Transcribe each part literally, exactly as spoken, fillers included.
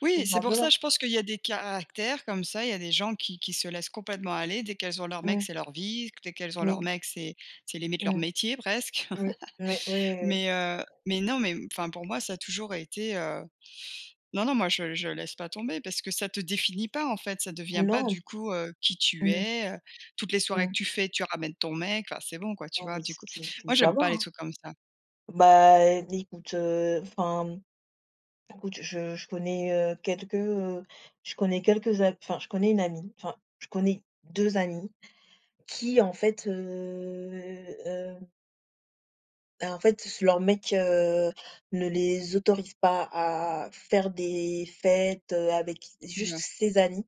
Oui, Tout c'est pour ça, simplement. je pense qu'il y a des caractères comme ça. Il y des gens qui qui se laissent complètement aller. Dès qu'elles ont leur mec, Ouais. c'est leur vie. Dès qu'elles ont leur Oui. mec, c'est c'est limite leur Mmh. métier presque. Oui, oui. Oui, oui oui. Mais heu, mais non, mais enfin, pour moi, ça a toujours été, heu, non, non moi je je laisse pas tomber parce que ça te définit pas en fait, ça devient pas du Non. coup, heu, qui tu Mmh. es, heu, toutes les soirées que Mmh. tu fais tu ramènes ton mec, ah c'est bon quoi tu Non vois mais du c'est coup. c'est c'est Moi j'aime [unintelligible] pas les hein. trucs comme ça. Bah, écoute, heu, enfin, écoute je je connais, heu, quelques, heu, je connais quelques a enfin je connais une amie, enfin je connais deux amies qui en fait, heu, heu bah, en fait s leur mec, heu, ne les autorise pas à faire des fêtes, heu, avec juste [unintelligible] ses amis,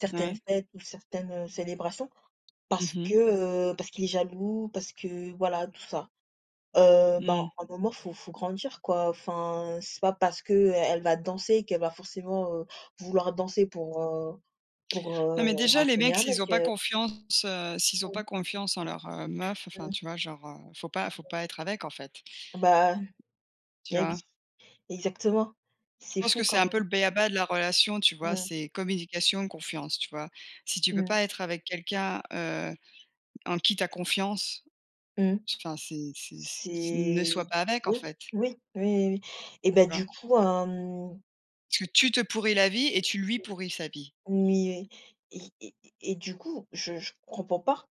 certaines Mouais. fêtes ou certaines, heu, célébrations. Mmh Parce mh. que, heu, parce qu'il est jaloux, parce que voilà tout ça. Heu, bah, Mmh. un moment faut faut grandir quoi, enfin c'est pas parce que, heu, elle va danser qu'elle va forcément, heu, vouloir danser pour, heu, pour, Non heu, mais déjà les racoler mecs un mec, s'ils ont pas heu. confiance, heu, s'ils ont Mmh. pas confiance en leur, heu, meuf, enfin Mmh. tu vois? Genre, heu, faut pas faut pas être avec en fait. Bah Tu eh oui. vois? Exactement, c'est Je pense fou que c'est quand un peu le même. b-a-ba de la relation, tu vois? Mmh. C'est communication, confiance, tu vois? Si tu peux Mmh. pas être avec quelqu'un, heu, en qui tu as confiance, Mmh. s enfin c'est c'est c ne C'est sois pas avec en oui, fait. oui, oui, oui, oui et Tu ben, du vois? coup, hem. Parce que tu te pourris la vie et tu lui pourris sa vie. Mais et et et et du coup, je je comprends pas.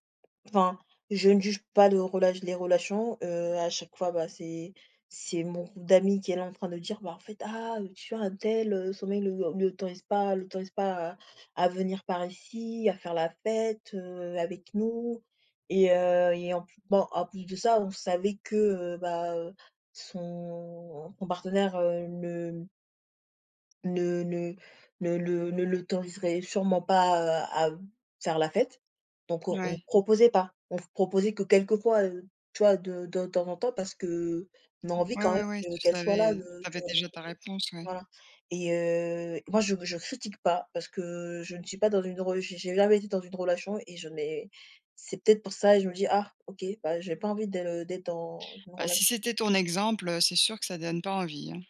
Enfin, je ne juge pas le relat les relations, heu, à chaque fois bah, c'est c'est mon groupe d'amis qui est là en train de dire: «Bah, en fait, ah, heu, tu vois untel, heu, son mec ne le ne l'autorise pas l'autorise pas à à venir par ici, à faire la fête, heu, avec nous» et heu, et en pl bon en plus de ça, on savait que, heu, bah, heu, son son partenaire, heu, ne ne ne ne le ne l'autoriserait sûrement pas, heu, à b faire la fête, donc on on Ouais. proposait pas, on proposait que quelquefois, heu, tu vois, de de temps en temps parce qu'on a envie Ouais, quand même ouais, ouais que tu qu'elle soit là, savais, tu heu, tu avais vois? Donc déjà heu. ta réponse, ouais. Voilà, et heu, moi je je critique pas parce que je ne suis pas dans une re j'ai jamais été dans une relation et je n'ai c'est peut-être pour ça et je me dis: «Ah OK, bah j'ai pas envie de d'être dans une Bah, si relation». c'était ton exemple, heu, c'est sûr que ça donne pas envie, hein.